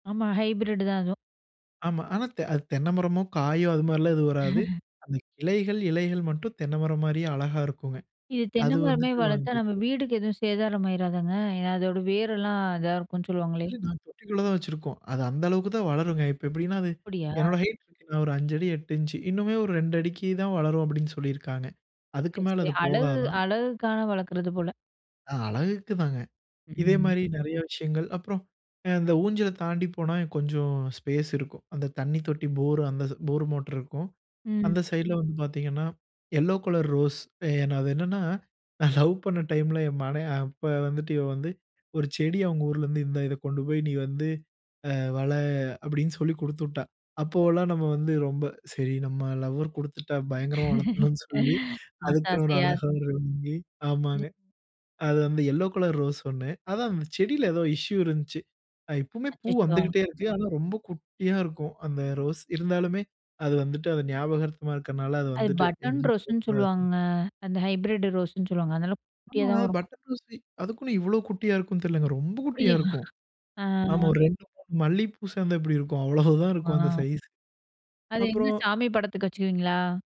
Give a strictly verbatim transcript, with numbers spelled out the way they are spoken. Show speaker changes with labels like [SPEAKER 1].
[SPEAKER 1] ஆமா. ஹைப்ரிட் தான் அதுவும்.
[SPEAKER 2] ஆமா. ஆனா தெ அது தென்ன மரமோ, காயோ, அதுமாரிலாம் எதுவும் வராது. அந்த கிளைகள், இலைகள் மட்டும் தென்னமரம் மாரியே அழகா இருக்குங்க.
[SPEAKER 1] இது தென்னை
[SPEAKER 2] அது
[SPEAKER 1] மரமே
[SPEAKER 2] வந்துட்டு வாங்கி
[SPEAKER 1] வளத்தா, நம்ம
[SPEAKER 2] வச்சு
[SPEAKER 1] வீடுக்கு எதுவும் சேதாரம் ஆயிறாதாங்க? ஏன்னா அதோட வேரெலாம் இதா இருக்குன்னு சொல்லுவாங்களே!
[SPEAKER 2] இல்ல நான் தொட்டிக்குள்ள தான் வச்சிருக்கோம். அது அந்த அளவுக்கு தான் வளருங்க. இப்ப எப்பிடின்னா, அது
[SPEAKER 1] அப்பிடியா!
[SPEAKER 2] என்னோட ஹைட் அ ஒரு அஞ்சடி எட்டு இஞ்ச்சு இன்னுமே ஒரு ரெண்டடிக்கு தான் வளரும் அப்பிடின்னு சொல்லியிருக்காங்க. அதுக்கு
[SPEAKER 1] சரி,
[SPEAKER 2] மேல
[SPEAKER 1] சரி.
[SPEAKER 2] அது
[SPEAKER 1] அழகு
[SPEAKER 2] போகாதான்.
[SPEAKER 1] அழகுக்கான வளக்குறது போல!
[SPEAKER 2] அ அழகுக்கு தாங்க.
[SPEAKER 1] ம்.
[SPEAKER 2] இதேமாரி நெறைய விஷயங்கள். அப்புறம் அ அந்த ஊஞ்சல தாண்டி போனா, கொஞ்சம் ஸ்பேஸ் இருக்கும். அந்த தண்ணி தொட்டி போரு அந்தது போர் மோட்ரு இருக்கும்.
[SPEAKER 1] ம்.
[SPEAKER 2] அந்த சைட்ல வந்து பாத்தீங்கன்னா, எல்லோ கலர் ரோஸ் ஏ அது என்னான்னா, நான் லவ் பண்ண டைம்ல என் மனை அ அப்ப வந்துட்டு இவ வந்து ஒரு செடி அவுங்க ஊர்லருந்து, "இந்தா இத கொண்டு போய், நீ வந்து, அ வள" அப்பிடின்னு சொல்லி குடுத்துவிட்டா! அப்போவெல்லாம் நம்ம வந்து ரொம்ப, "சரி, நம்ம லவ்வர் கொடுத்துட்டா" பயங்கரமா வளத்தணும்ன்னு சொல்லி
[SPEAKER 1] ஆச
[SPEAKER 2] அதுக்குன்னு ஒரு
[SPEAKER 1] ஆசையா!
[SPEAKER 2] அழகா ஒரு [unintelligible] வாங்கி,
[SPEAKER 1] ம்.
[SPEAKER 2] ஆமாங்க. அது வந்து எல்லோ கலர் ரோஸ் ஒண்ணு. அதான் செடியில ஏதோ இஷ்யூ இருந்தச்சு. அ இப்பமே பூ
[SPEAKER 1] அச்சச்சோ!
[SPEAKER 2] வந்துக்கிட்டே இருக்கு. ஆனா ரொம்ப குட்டியா இருக்கும். அந்த ரோஸ், இருந்தாலுமே அது வந்துட்டு அது ஞாபகார்த்தமா இருக்கனால, அது
[SPEAKER 1] அது
[SPEAKER 2] வந்துட்டு
[SPEAKER 1] பட்டன்
[SPEAKER 2] எங்கேயும் போ
[SPEAKER 1] ரோஸ்ன்னு
[SPEAKER 2] கூடாது
[SPEAKER 1] சொல்லுவாங்கங்க. அந்த ஹைப்ரிட் ரோஸ்ன்னு சொல்லுவாங்க, அதனால குட்டியா
[SPEAKER 2] ஆமா.
[SPEAKER 1] தான் வரும்.
[SPEAKER 2] பட்டர் ரோஸ்லயும் அதுக்குன்னு இவ்ளோ குட்டியா இருக்குன்னு தெரிலங்க. ரொம்ப குட்டியா
[SPEAKER 1] அப்பிடியா?
[SPEAKER 2] இருக்கும்.
[SPEAKER 1] ஆ.
[SPEAKER 2] ஆமா ஒரு ரெண்டு, மூணு மல்லி பூ சேந்தா எப்பிடி இருக்கும்! அவ்ளோதான் இருக்கும், அந்த
[SPEAKER 1] ஆ.
[SPEAKER 2] சைஸ்.
[SPEAKER 1] அது எங்க,
[SPEAKER 2] அப்புறம்
[SPEAKER 1] சாமி படத்துக்கு வச்சுக்குவீங்களா?